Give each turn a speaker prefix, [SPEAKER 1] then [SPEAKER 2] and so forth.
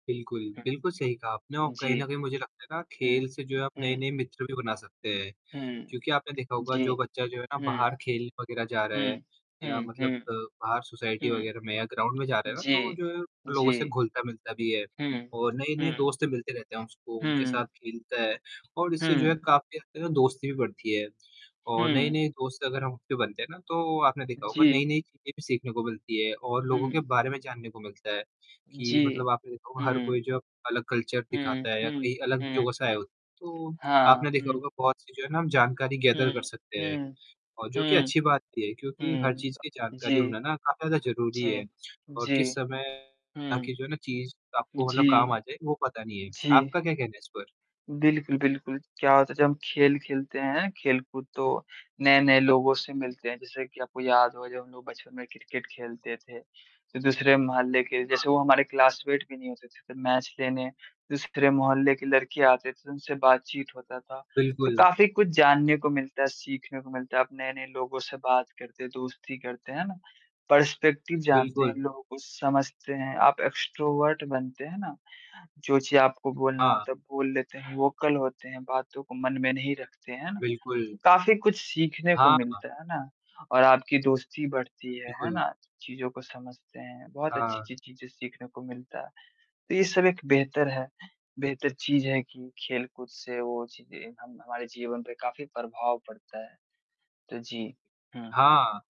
[SPEAKER 1] बिल्कुल,
[SPEAKER 2] हुँ।
[SPEAKER 1] बिल्कुल सही कहा आपने और
[SPEAKER 2] जी।
[SPEAKER 1] कहीं न कहीं मुझे लगता है ना
[SPEAKER 2] हुँ,
[SPEAKER 1] खेल से जो है आप
[SPEAKER 2] हुँ।
[SPEAKER 1] नए-नए मित्र भी बना सकते हैं।
[SPEAKER 2] हुँ।
[SPEAKER 1] क्योंकि आपने देखा होगा
[SPEAKER 2] जी,
[SPEAKER 1] जो बच्चा जो है ना
[SPEAKER 2] हुँ।
[SPEAKER 1] बाहर खेलने वगैरह जा रहा
[SPEAKER 2] हुँ।
[SPEAKER 1] है, या
[SPEAKER 2] हुँ,
[SPEAKER 1] मतलब
[SPEAKER 2] हुँ।
[SPEAKER 1] बाहर सोसाइटी वगैरह
[SPEAKER 2] हुँ।
[SPEAKER 1] में या ग्राउंड में जा रहा है ना। तो
[SPEAKER 2] जी,
[SPEAKER 1] जो है वो लोगों से
[SPEAKER 2] जी।
[SPEAKER 1] घुलता-मिलता भी है
[SPEAKER 2] हुँ।
[SPEAKER 1] और नए-नए
[SPEAKER 2] हुँ।
[SPEAKER 1] दोस्त मिलते रहते हैं उसको, उनके साथ
[SPEAKER 2] हुँ।
[SPEAKER 1] खेलता है और इससे जो है
[SPEAKER 2] हुँ।
[SPEAKER 1] काफ़ी हद तक दोस्ती भी बढ़ती है और
[SPEAKER 2] हुँ।
[SPEAKER 1] नए-नए दोस्त अगर हम उससे बनते हैं ना तो आपने देखा
[SPEAKER 2] जी।
[SPEAKER 1] नई-नई चीज़ें भी सीखने को मिलती है और लोगों के
[SPEAKER 2] हुँ।
[SPEAKER 1] बारे में जानने को मिलता है कि
[SPEAKER 2] जी।
[SPEAKER 1] मतलब आपने देखा होगा हर
[SPEAKER 2] हुँ।
[SPEAKER 1] कोई जो अलग कल्चर
[SPEAKER 2] हुँ,
[SPEAKER 1] दिखाता है या
[SPEAKER 2] हुँ।
[SPEAKER 1] कहीं अलग
[SPEAKER 2] हुँ,
[SPEAKER 1] जगह से आया
[SPEAKER 2] हुँ।
[SPEAKER 1] होता है। तो आपने
[SPEAKER 2] हाँ,
[SPEAKER 1] देखा
[SPEAKER 2] हुँ।
[SPEAKER 1] होगा बहुत सी जो है ना हम जानकारी गैदर
[SPEAKER 2] हुँ,
[SPEAKER 1] कर सकते हैं।
[SPEAKER 2] हुँ,
[SPEAKER 1] और जो कि
[SPEAKER 2] हुँ,
[SPEAKER 1] अच्छी बात भी है क्योंकि हर
[SPEAKER 2] हुँ,
[SPEAKER 1] चीज़ की जानकारी
[SPEAKER 2] जी,
[SPEAKER 1] होना ना काफ़ी ज़्यादा ज़रूरी है
[SPEAKER 2] जी,
[SPEAKER 1] और
[SPEAKER 2] जी।
[SPEAKER 1] किस समय
[SPEAKER 2] हुँ,
[SPEAKER 1] आपकी जो है ना चीज़ आपको मतलब
[SPEAKER 2] जी,
[SPEAKER 1] काम आ जाये वो पता नहीं है।
[SPEAKER 2] जी।
[SPEAKER 1] आपका क्या कहना है इस पर?
[SPEAKER 2] बिल्कुल, बिल्कुल। क्या होता है जब हम खेल खेलते हैं, खेल-कूद, तो नए-नए लोगों से मिलते हैं। जैसे कि आपको याद होगा जब हम लोग बचपन में क्रिकेट खेलते थे, तो दूसरे मोहल्ले के
[SPEAKER 1] हाँ।
[SPEAKER 2] जैसे वो हमारे क्लासमेट भी नहीं होते थे। तो मैच लेने, दूसरे मोहल्ले के लड़के आते थे, तो उनसे बातचीत होता था। तो
[SPEAKER 1] बिल्कुल।
[SPEAKER 2] काफ़ी कुछ जानने को मिलता है, सीखने को मिलता है। आप नए-नए लोगों से बात करते हैं, दोस्ती करते हैं। है ना? पर्सपेक्टिव जानते हैं,
[SPEAKER 1] बिल्कुल।
[SPEAKER 2] लोगों को समझते हैं। आप एक्सट्रोवर्ट बनते हैं ना, जो चीज़ आपको बोलना
[SPEAKER 1] हाँ।
[SPEAKER 2] होता है बोल लेते हैं, वोकल होते हैं, बातों को मन में नहीं रखते। है ना?
[SPEAKER 1] बिल्कुल।
[SPEAKER 2] तो काफ़ी कुछ सीखने को
[SPEAKER 1] हाँ, हाँ।
[SPEAKER 2] मिलता है। है ना? और आपकी दोस्ती बढ़ती है। है
[SPEAKER 1] बिल्कुल।
[SPEAKER 2] ना? चीज़ को समझते हैं, बहुत
[SPEAKER 1] हाँ, हाँ।
[SPEAKER 2] अच्छी-अच्छी चीज़ें सीखने को मिलता है। तो ये सब एक बेहतर है बेहतर चीज़ है कि खेल-कूद से वो चीज़ें हम-हमारे जीवन पे काफ़ी प्रभाव पड़ता है। तो जी हुँ।
[SPEAKER 1] हाँ।